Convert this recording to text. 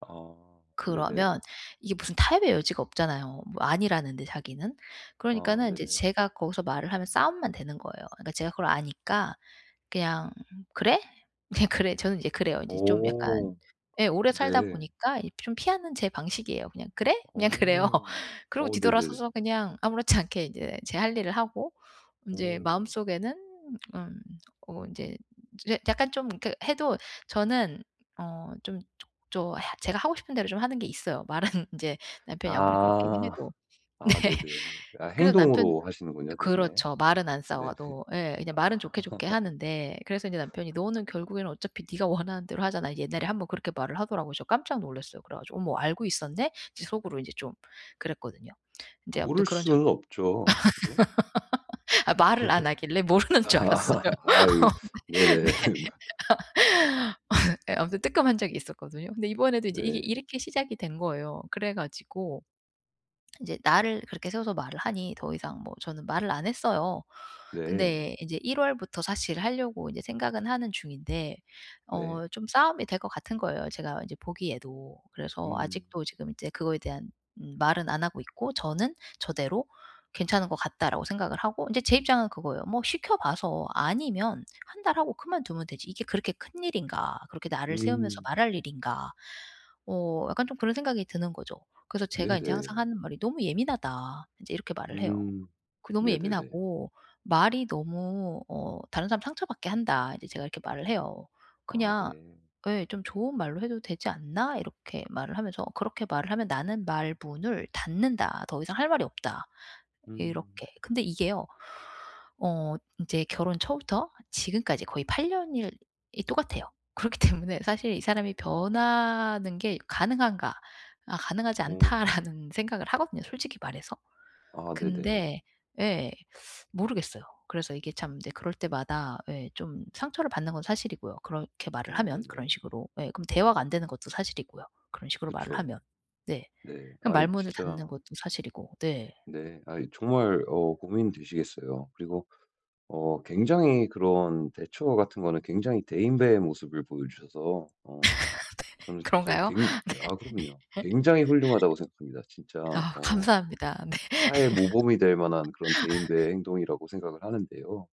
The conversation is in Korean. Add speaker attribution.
Speaker 1: 아
Speaker 2: 그러면
Speaker 1: 네네.
Speaker 2: 이게 무슨 타협의 여지가 없잖아요. 뭐 아니라는데 자기는.
Speaker 1: 아
Speaker 2: 그러니까는 인제
Speaker 1: 네네.
Speaker 2: 제가 거기서 말을 하면 싸움만 되는 거예요. 그러니까 제가 그걸 아니까 그냥 "그래?" 그냥 그래 저는 이제 그래요. 인제 좀 약간
Speaker 1: 오.
Speaker 2: 예 오래 살다
Speaker 1: 네.
Speaker 2: 보니까 이 좀 피하는 제 방식이에요. 그냥 "그래?" 그냥 그래요.
Speaker 1: 어.
Speaker 2: 그러고
Speaker 1: 어 네네.
Speaker 2: 뒤돌아서서 그냥 아무렇지 않게 인제 제 할 일을 하고 인제
Speaker 1: 오.
Speaker 2: 마음속에는 음 어 인제 제 약간 좀 그 해도 저는 어 좀 조 조 해 제가 하고 싶은 대로 좀 하는 게 있어요. 말은 인제 남편이 아무리 그렇게
Speaker 1: 아.
Speaker 2: 해도. 네.
Speaker 1: 아 네네. 아
Speaker 2: 그래서 남편
Speaker 1: 행동으로 하시는군요 대신에.
Speaker 2: 그렇죠. 말은 안
Speaker 1: 네
Speaker 2: 싸워도. 예. 그냥 말은
Speaker 1: 아.
Speaker 2: 좋게, 좋게 하는데 그래서 인제 남편이 "너는 결국에는 어차피 네가 원하는 대로 하잖아." 이제 옛날에 1 번 그렇게 말을 하더라고요. 그래서 깜짝 놀랐어요 그래 가지고. '어머 알고 있었네?' 이제 속으로 인제 좀 그랬거든요. 인제 아무튼
Speaker 1: 모를
Speaker 2: 그런
Speaker 1: 수는
Speaker 2: 적이
Speaker 1: 없죠. 그죠?
Speaker 2: 아 말을 안 하길래 모르는 줄 알았어요.
Speaker 1: 아
Speaker 2: 네. 아
Speaker 1: 네네.
Speaker 2: 예 아무튼 뜨끔한 적이 있었거든요. 근데 이번에도 인제 이게
Speaker 1: 네.
Speaker 2: 이렇게 시작이 된 거예요. 그래 가지고 인제 날을 그렇게 세워서 말을 하니 더 이상 뭐 저는 말을 안 했어요.
Speaker 1: 네.
Speaker 2: 근데 인제 1 월부터 사실 하려고 인제 생각은 하는 중인데
Speaker 1: 네.
Speaker 2: 어 좀 싸움이 될 것 같은 거예요 제가 인제 보기에도. 그래서
Speaker 1: 음.
Speaker 2: 아직도 지금 인제 그거에 대한 음 말은 안 하고 있고 저는 저대로 '괜찮은 것 같다.'라고 생각을 하고 이제 제 입장은 그거예요. '뭐 시켜봐서 아니면 1 달 하고 그만두면 되지 이게 그렇게 큰 일인가 그렇게 날을 세우면서
Speaker 1: 음.
Speaker 2: 말할 일인가.' 어 약간 좀 그런 생각이 드는 거죠. 그래서 제가 인제 항상
Speaker 1: 네네.
Speaker 2: 하는 말이 "너무 예민하다." 인제 이렇게 말을 해요.
Speaker 1: 음.
Speaker 2: 그 "너무
Speaker 1: 네네네.
Speaker 2: 예민하고 말이 너무 어 다른 사람 상처받게 한다." 인제 제가 이렇게 말을 해요.
Speaker 1: 아
Speaker 2: "그냥"
Speaker 1: 네.
Speaker 2: 예 "좀 좋은 말로 해도 되지 않나?" 이렇게 말을 하면서. "그렇게 말을 하면 나는 말문을 닫는다 더 이상 할 말이 없다."
Speaker 1: 음.
Speaker 2: 이렇게. 근데 이게요. 어 인제 결혼 초부터 지금까지 거의 8 년일 이 똑같아요. 그렇기 때문에 사실 '이 사람이
Speaker 1: 아.
Speaker 2: 변하는 게 가능한가. 아 가능하지
Speaker 1: 오.
Speaker 2: 않다.'라는 생각을 하거든요 솔직히 말해서.
Speaker 1: 아 네네.
Speaker 2: 근데 예 모르겠어요. 그래서 이게 참 인제 그럴 때마다 예 좀 상처를 받는 건 사실이고요. 그렇게 말을
Speaker 1: 아
Speaker 2: 하면 그런
Speaker 1: 네네.
Speaker 2: 식으로. 예. 그럼 대화가
Speaker 1: 어.
Speaker 2: 안 되는 것도 사실이고요. 그런 식으로 말을
Speaker 1: 그쵸.
Speaker 2: 하면. 네.
Speaker 1: 네.
Speaker 2: 그럼
Speaker 1: 아이
Speaker 2: 말문을 닫는
Speaker 1: 진짜
Speaker 2: 것도 사실이고. 네.
Speaker 1: 네. 아이 정말 어 고민되시겠어요. 그리고 어 굉장히 그런 대처 같은 거는 굉장히 대인배의 모습을 보여 주셔서
Speaker 2: 네.
Speaker 1: 어 저는 진짜
Speaker 2: 그런가요? 네.
Speaker 1: 굉 아 그럼요. 굉장히 훌륭하다고 생각합니다. 진짜
Speaker 2: 아
Speaker 1: 어
Speaker 2: 감사합니다. 네.
Speaker 1: 타의 모범이 될 만한 그런 대인배의 행동이라고 생각을 하는데요.